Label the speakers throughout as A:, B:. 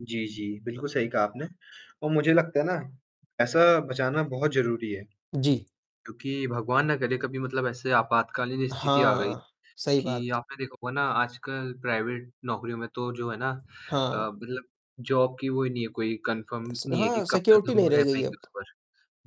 A: जी, जी, बिल्कुल सही कहा आपने और मुझे लगता है ना, पैसा बचाना बहुत ज़रूरी है,
B: जी।
A: क्योंकि भगवान न करे कभी मतलब ऐसे आपातकालीन स्थिति आ गई,
B: हाँ, सही
A: कि
B: बात।
A: आपने देखा होगा ना आजकल प्राइवेट नौकरियों में तो जो है ना अ,
B: हाँ।
A: मतलब जॉब की वो नहीं है कोई कन्फर्म
B: स
A: नहीं है कि
B: हाँ,
A: कब तक
B: सिक्युरिटी
A: हम
B: नहीं रह
A: रह
B: गई
A: पाएँगे
B: अब।
A: उस पर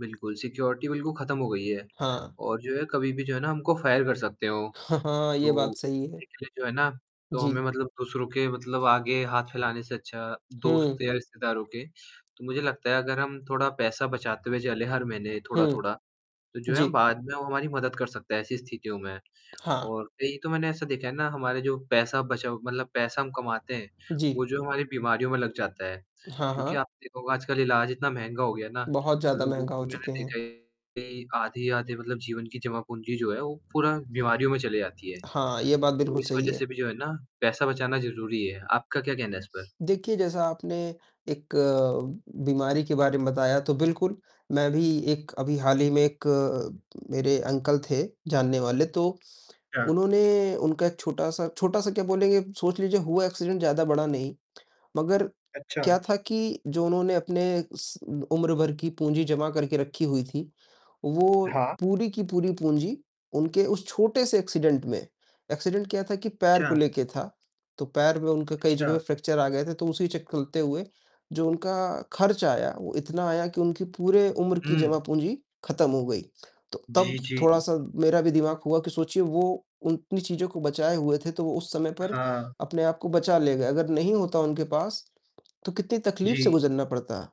A: बिल्कुल सिक्योरिटी बिल्कुल खत्म हो गई है
B: हाँ।
A: और जो है कभी भी जो है ना हमको फायर कर सकते हो।
B: हाँ, हाँ, ये बात
A: तो
B: सही है।
A: [unintelligible] जो है ना, तो हमें
B: जी।
A: मतलब दूसरों के मतलब आगे हाथ फैलाने से अच्छा, दोस्त
B: हुँ।
A: या रिश्तेदारों के, तो मुझे लगता है अगर हम थोड़ा पैसा बचाते हुए चले हर महीने
B: हुँ।
A: थोड़ा-थोड़ा, तो जो है
B: जी।
A: बाद में वो हमारी मदद कर सकता है ऐसी स्थितियों में।
B: हाँ।
A: और कई तो मैंने ऐसा देखा है ना हमारे जो पैसा बचा मतलब पैसा हम कमाते हैं,
B: जी।
A: वो जो हमारी बीमारियों में लग जाता है।
B: हाँ,
A: क्योंकि
B: हाँ।
A: आप देखोगे आजकल इलाज इतना महंगा हो गया ना,
B: बहुत
A: तो
B: ज़्यादा
A: लोगों
B: महँगा हो
A: की मैंने
B: चुके हैं।
A: देखा है कि आधे-आधे मतलब जीवन की जमा पूंजी जो है वो पूरा बीमारियों में चली जाती है,
B: हाँ, ये बात
A: तो
B: बिल्कुल
A: इस
B: सही
A: वजह से
B: है।
A: भी जो है ना पैसा बचाना ज़रूरी है। आपका क्या कहना है इस पर?
B: देखिए, जैसा आपने 1 बीमारी के बारे में बताया तो बिल्कुल, मैं भी एक अभी हाल ही में 1 मेरे अंकल थे जानने वाले तो,
A: क्या?
B: उन्होंने उनका 1 छोटा-सा, छोटा-सा क्या बोलेंगे सोच लीजिए हुआ एक्सीडेंट ज़्यादा बड़ा नहीं, मगर
A: अच्छा।
B: क्या था कि जो उन्होंने अपने उम्र भर की पूंजी जमा करके रखी हुई थी, वो
A: हाँ।
B: पूरी की पूरी पूंजी उनके उस छोटे से एक्सीडेंट में, एक्सीडेंट क्या था कि पैर को
A: अच्छा।
B: लेके था, तो पैर में उनके कई
A: अच्छा।
B: जगह फ्रैक्चर आ गए थे, तो उसी चक कलते हुए जो उनका खर्च आया, वो इतना आया कि उनकी पूरे उम्र की
A: हुँ।
B: जमा पूंजी खत्म हो गई, तो तब
A: जी, जी।
B: थोड़ा-सा मेरा भी दिमाग हुआ कि सोचिए वो उतनी चीज़ों को बचाए हुए थे तो वो उस समय पर
A: हाँ।
B: अपने आप को बचा ले गए, अगर नहीं होता उनके पास, तो कितनी तकलीफ से
A: जी।
B: गुजरना पड़ता।